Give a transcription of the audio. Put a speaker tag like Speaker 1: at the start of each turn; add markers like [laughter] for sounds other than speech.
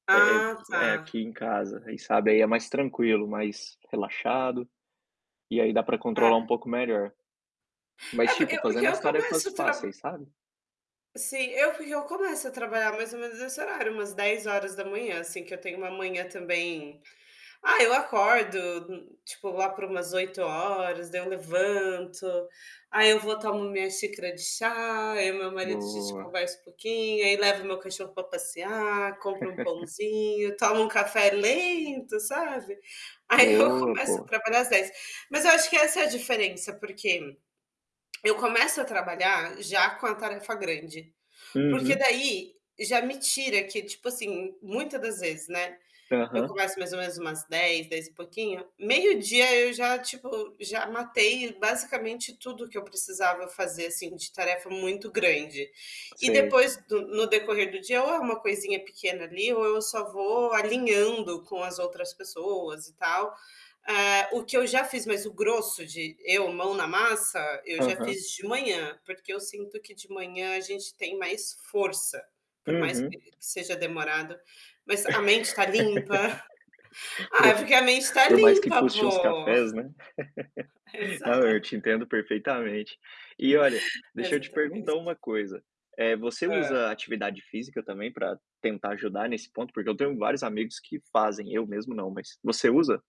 Speaker 1: É
Speaker 2: Ah
Speaker 1: é
Speaker 2: tá.
Speaker 1: aqui em casa aí, sabe, aí é mais tranquilo, mais relaxado, e aí dá para controlar um
Speaker 2: É.
Speaker 1: pouco melhor. Mas,
Speaker 2: É por
Speaker 1: tipo,
Speaker 2: eu é porque
Speaker 1: fazendo
Speaker 2: eu
Speaker 1: as tarefas
Speaker 2: começo a tra
Speaker 1: fáceis, sabe?
Speaker 2: Sim, eu porque eu começo a trabalhar mais ou menos nesse horário, umas 10h, assim, que eu tenho uma manhã também ah, eu acordo, tipo, lá por umas 8h, daí eu levanto, aí eu vou, tomo minha xícara de chá, aí o meu marido a gente
Speaker 1: Boa.
Speaker 2: conversa um pouquinho, aí levo meu cachorro para passear, compro um
Speaker 1: [chuckles]
Speaker 2: pãozinho, tomo um café lento, sabe. Aí eu
Speaker 1: Boa,
Speaker 2: começo a
Speaker 1: pô.
Speaker 2: trabalhar às 10, mas eu acho que essa é a diferença porque [smacks lips] eu começo a trabalhar já com a tarefa grande. Porque
Speaker 1: Uhum.
Speaker 2: daí já me tira que, tipo assim, muita das vezes, né, eu
Speaker 1: Aham.
Speaker 2: começo mais ou menos umas 10, dez e pouquinho, meio-dia eu já, tipo, já matei basicamente tudo que eu precisava fazer, assim, de tarefa muito grande. E
Speaker 1: Sei.
Speaker 2: depois, do no decorrer do dia, ou é uma coisinha pequena, ali, ou eu só vou alinhando com as outras pessoas, e tal, hã, o que eu já fiz, mas o grosso de eu mão na massa eu já
Speaker 1: Aham.
Speaker 2: fiz de manhã, porque eu sinto que de manhã a gente tem mais força, por mais que
Speaker 1: Uhum.
Speaker 2: seja demorado, mas a mente está limpa [chuckles]
Speaker 1: [laughs]
Speaker 2: ah, porque
Speaker 1: Pois,
Speaker 2: a mente está
Speaker 1: por mais que
Speaker 2: limpa,
Speaker 1: custe uns
Speaker 2: pô.
Speaker 1: cafés, né, [laughs] não, eu
Speaker 2: Exato.
Speaker 1: te entendo perfeitamente. E, olha, deixa eu te perguntar
Speaker 2: Exatamente.
Speaker 1: uma coisa, eh, você
Speaker 2: Hã.
Speaker 1: usa atividade física, também, para tentar ajudar nesse ponto? Porque eu tenho vários amigos que fazem, eu mesmo não, mas você usa?